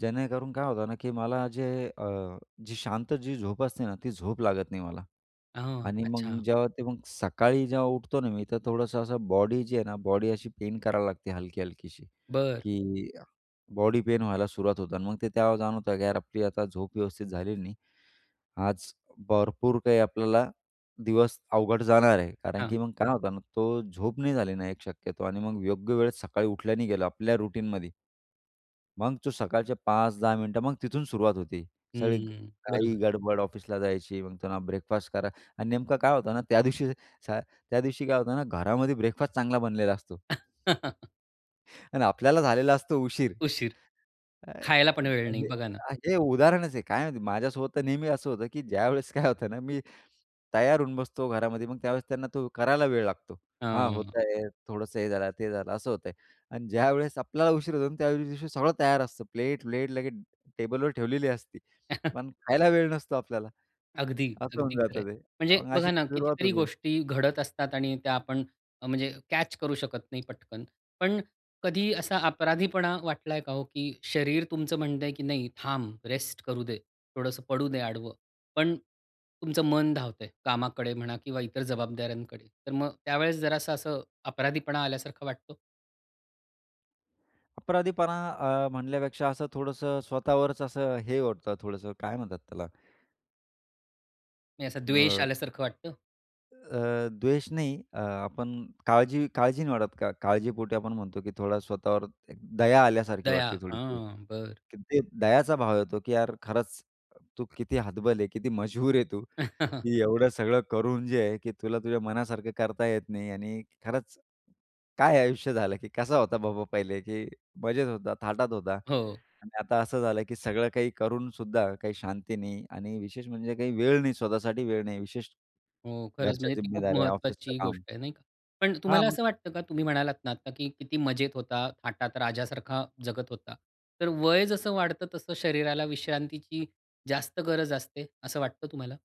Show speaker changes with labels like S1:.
S1: जेणेकरून काय होतं ना, की मला जे अ, जी शांत जी झोप असते ना, ती झोप लागत नाही मला
S2: हां,
S1: आणि मग
S2: अच्छा.
S1: जेव्हा ते मग सकाळी जेव्हा उठतो ना मी, तर थोडंसं असं बॉडी जी आहे ना, बॉडी अशी पेन करावी लागते, हलकी-हलकीशी,
S2: बरं.
S1: की बॉडी पेन व्हायला सुरुवात होते अन् मग ते तेव्हा जाणवतं, की यार, आपली आता झोप व्यवस्थित झालेली नाही. आज भरपूर काही आपल्याला दिवस अवघड जाणार आहे. कारण
S2: हां.
S1: की मग काय होतं ना, तो झोप नाही झाली ना, एक शक्यतो आणि मग योग्य वेळ सकाळी उठल्या नाही गेलो आपल्या रूटीनमध्ये. मग तू सकाळचे 5-10 मिनिटं, मग तिथून सुरुवात होती. सगळी
S2: हं, बरोबर.
S1: घाई-गडबड ऑफिसला जायची, मग त्यांना ब्रेकफास्ट करा आणि नेमकं काय होतं ना त्या दिवशी स त्या दिवशी काय होतं ना, घरामध्ये ब्रेकफास्ट चांगला बनलेला असतो. आणि आपल्याला झालेला असतो उशीर.
S2: उशीर. खायला पण वेळ नाही
S1: [unintelligible]
S2: बघा ना.
S1: हे उदाहरणच आहे. काय माहिती, माझ्यासोबत तर नेहमी असं होतं, की ज्यावेळेस काय होतं ना, मी तयार होऊन बसतो घरामध्ये, मग त्यावेळेस त्यांना तो करायला वेळ लागतो. "हां, होत
S2: हं.
S1: आहे." थोडंसं हे झालं, ते झालं, असं होतं आहे अन् ज्यावेळेस आपल्याला उशीर होतो, त्या दिवशी सगळं तयार असतं, प्लेट प्लेट लगेच टेबलवर ठेवलेली असती. पण खायला वेळ नसतो आपल्याला.
S2: अगदी,
S1: असं होऊन
S2: अगदी खरंय.
S1: जातं ते.
S2: म्हणजे
S1: मग
S2: बघा
S1: अशीच
S2: ना,
S1: सुरुवात
S2: कितीतरी
S1: होते.
S2: गोष्टी घडत असतात आणि त्या आपण, म्हणजे कॅच करू शकत नाही पटकन. पण कधीही असा अपराधीपणा वाटला आहे का हो, की शरीर तुमचं म्हणतं आहे, की "नाही, थांब, रेस्ट करू दे, थोडंसं पडू दे आडवं." पण तुमचं मन धावतं आहे, कामाकडे म्हणा किंवा इतर जबाबदाऱ्यांकडे, तर मग त्यावेळेस जरासा असं अपराधीपणा आल्यासारखा वाटतो?
S1: अपराधीपणा अ, म्हणल्यापेक्षा असं थोडसं स्वतःवरच असं हे होत. थोडंसं काय म्हणतात त्याला?
S2: म्हणजे असं द्वेष
S1: अ
S2: आल्यासारखं वाटतं?
S1: अ, द्वेष नाही. अ, आपण काळजी काळजी नाही वाढत का, काळजीपोटी आपण म्हणतो, की थोडा स्वतःवर एक दया आल्यासारखी
S2: दया.
S1: वाटते, थोडीशी.
S2: हां! बरं.
S1: ते दयाचा भाव येतो, की यार, खरंच तू किती हतबल आहे, किती मजबुर आहे तू. एवढं सगळं करून जे आहे, की तुला तुझ्या मनासारखं करता येत नाही आणि खरंच काय आयुष्य झालं? की कसा होता बाबा पहिले? की मजेत होता, थाटात होता
S2: हो.
S1: आणि आता असं झालं, की सगळं काही करून सुद्धा काही शांती नाही आणि विशेष म्हणजे काही वेळ नाही, स्वतःसाठी वेळ नाही. विशेष
S2: हो, खरंच
S1: घरच्या
S2: म्हणजे ती खूप
S1: जिम्मेदाऱ्या ऑफिसच
S2: महत्त्वाची
S1: काम.
S2: गोष्ट आहे, नाही का? पण
S1: हां,
S2: तुम्हाला
S1: मग
S2: असं वाटतं, का तुम्ही म्हणालात ना आता, की किती मजेत होता, थाटात राजासारखा जगत होता. तर वय जसं वाढतं, तसं शरीराला विश्रांतीची जास्त गरज असते, असं वाटतं तुम्हाला?